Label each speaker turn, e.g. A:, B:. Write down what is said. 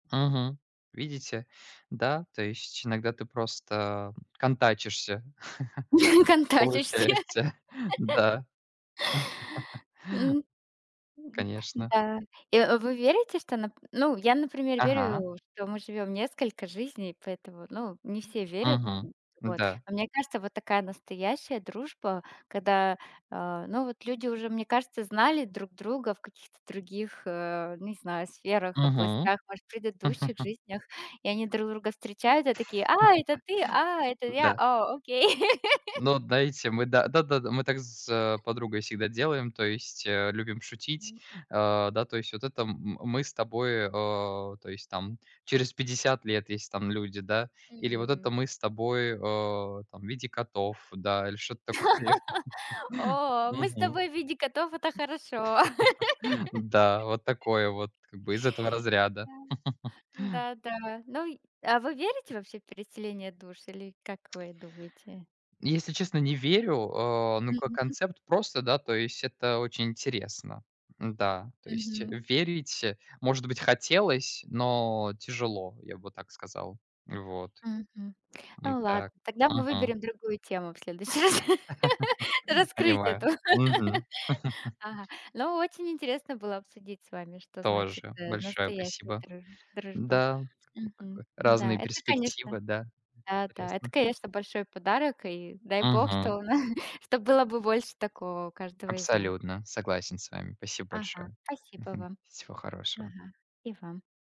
A: Мгм. Видите, да, то есть иногда ты просто контачишься!
B: Контачишься!
A: Получается, да.
B: М, м,
A: Конечно.
B: да. Э, вы верите, что, нап ну я, например,
A: Ага.
B: верю, что мы живём несколько жизней, поэтому, ну, не все верят.
A: Мгм.
B: М, вот.
A: Да.
B: Но мне кажется, вот такая настоящая дружба, когда, э, ну, вот люди уже, мне кажется, знали друг друга в каких-то других, э, не знаю, сферах,
A: Мгм.
B: областях, может, предыдущих жизнях. И они друг друга встречают и такие: "А, это ты? А, это я!
A: Да.
B: О, окей!"
A: Ну, дайте мы да, да-да-да мы так с, а, подругой всегда делаем, то есть, э, любим шутить.
B: М.
A: А, да то есть: "Вот это м мы с тобой, а, то есть там через 50 лет если там люди, да. Или вот это
B: М.
A: мы с тобой, а, там в виде котов". Да, или что-то такое,
B: О, мы с
A: мгм,
B: тобой в виде котов, это хорошо!
A: м, да, вот такое вот, как бы из этого разряда.
B: Да. Да, да. Ну и, а вы верите вообще в переселение душ? Или как вы думаете?
A: Если честно не верю. А, ну, как
B: Мгм.
A: концепт просто, да, то есть это очень интересно. Н-да. То есть
B: Мгм.
A: верить, э, может быть, хотелось, но тяжело, я бы так сказал, вот,
B: Мгм.
A: а,
B: Ну
A: так.
B: ладно, тогда мы
A: Мгм.
B: выберем другую тему в следующий раз. Раскрыть эту.
A: Понимаю. Мгм.
B: Ага. Ну очень интересно было обсудить с вами, что значит,
A: Тоже,
B: э,
A: большое
B: настоящая
A: спасибо!
B: друж дружба.
A: Да, ну
B: Мгм.
A: как
B: М,
A: вот
B: да,
A: разные
B: это, конечно.
A: перспективы, да.
B: Да, да- это,
A: Интересно.
B: конечно, большой подарок. И дай бог,
A: Мгм.
B: что на чтобы было бы больше такого у каждого из нас.
A: Абсолютно. Согласен с вами. Спасибо
B: Ага,
A: большое.
B: спасибо
A: Мгм.
B: вам.
A: Всего хорошего.
B: Ага и вам.